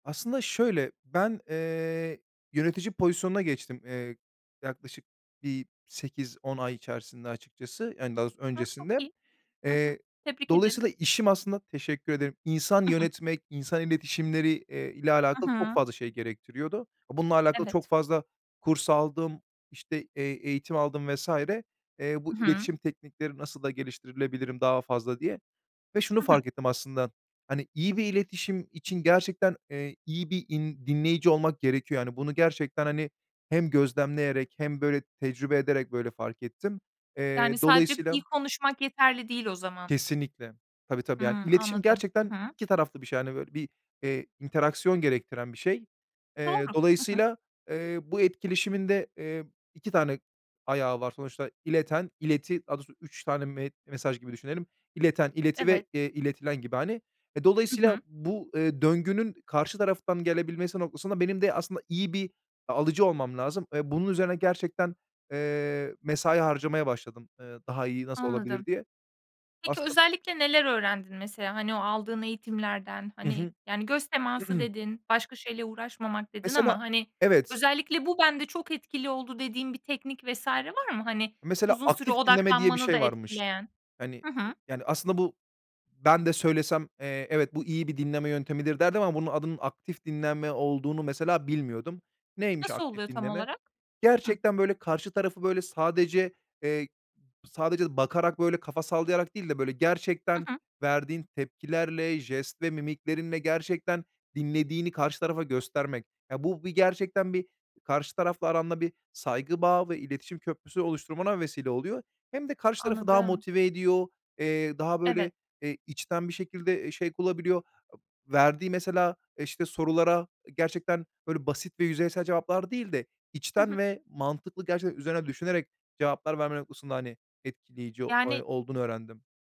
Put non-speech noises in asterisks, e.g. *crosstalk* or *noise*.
Aslında şöyle, ben, eee, yönetici pozisyonuna geçtim, eee, yaklaşık bir 8-10 ay içerisinde açıkçası, yani daha doğrusu A, çok öncesinde. iyi. Hı hı. Eee, Tebrik ederim. dolayısıyla işim aslında -teşekkür ederim insan I hı. yönetmek, insan iletişimleri, eee, ile I alakalı çok hı. fazla şey gerektiriyordu. Bununla alakalı çok Evet. fazla kurs aldım, işte e eğitim aldım vs. eee, bu I hı. iletişim teknikleri nasıl da geliştirilebilirim daha fazla, diye. Ve şunu Hı hı. fark ettim aslında. Hani iyi bir iletişim için gerçekten, eee, iyi bir in dinleyici olmak gerekiyor. Yani bunu gerçekten hani hem gözlemleyerek hem böyle tecrübe ederek böyle fark ettim. Eee, Yani, sadece iyi dolayısıyla konuşmak yeterli değil o zaman. Kesinlikle. Tabii, tabii, yani Hımm, iletişim anladım. gerçekten Hı hı. 2 taraflı bir şey, hani, böyle bir, eee, interaction gerektiren bir şey. Doğru. Eee, Hı hı. dolayısıyla, eee, bu etkileşimin de, eee, 2 tane ayağı var sonuçta. İleten, ileti, daha doğrusu 3 tane me mesaj gibi düşünelim. İleten, ileti ve, Evet. eee, iletilen gibi hani. Eee, Hı dolayısıyla hı. bu, eee, döngünün karşı taraftan gelebilmesi noktasında benim de aslında iyi bir a alıcı olmam lazım. Eee, bunun üzerine gerçekten, eee, mesai harcamaya başladım. Eee, daha iyi nasıl Anladım. olabilir, diye. Peki, *unintelligible* özellikle neler öğrendin mesela, hani, o aldığın eğitimlerden? Hı Hani, hı. yani, göz teması *clears throat* dedin, başka şeyle uğraşmamak dedin Mesela ama, hani, Evet. özellikle "Bu, bende çok etkili oldu." dediğin bir teknik vs. var mı, hani, Mesela uzun süre "aktif dinleme" diye bir odaklanmanı da şey varmış. etkileyen? Hani, e Hı hı. yani, aslında bu Ben de söylesem, eee, "Evet, bu iyi bir dinleme yöntemidir." derdim ama bunun adının "aktif dinleme" olduğunu mesela, bilmiyordum. Neymiş, Nasıl aktif oluyor tam dinleme? olarak? Hı. Gerçekten böyle karşı tarafı, böyle, sadece, eee, sadece bakarak, böyle, kafa sallayarak değil de, böyle, gerçekten Hı hı. verdiğin tepkilerle, jest ve mimiklerinle gerçekten dinlediğini karşı tarafa göstermek. Ya, bu bir gerçekten bir, karşı tarafla aranda bir saygı bağı ve iletişim köprüsü oluşturmana vesile oluyor. Hem de karşı tarafı daha Anladım. motive ediyor, eee, daha Evet. böyle, eee, içten bir şekilde e şevk bulabiliyor. Verdiği mesela e işte sorulara gerçekten böyle basit ve yüzeysel cevaplar değil de, Hı hı. içten ve mantıklı, gerçekten üzerine düşünerek cevaplar verme noktasında hani etkileyici Yani oy olduğunu öğrendim.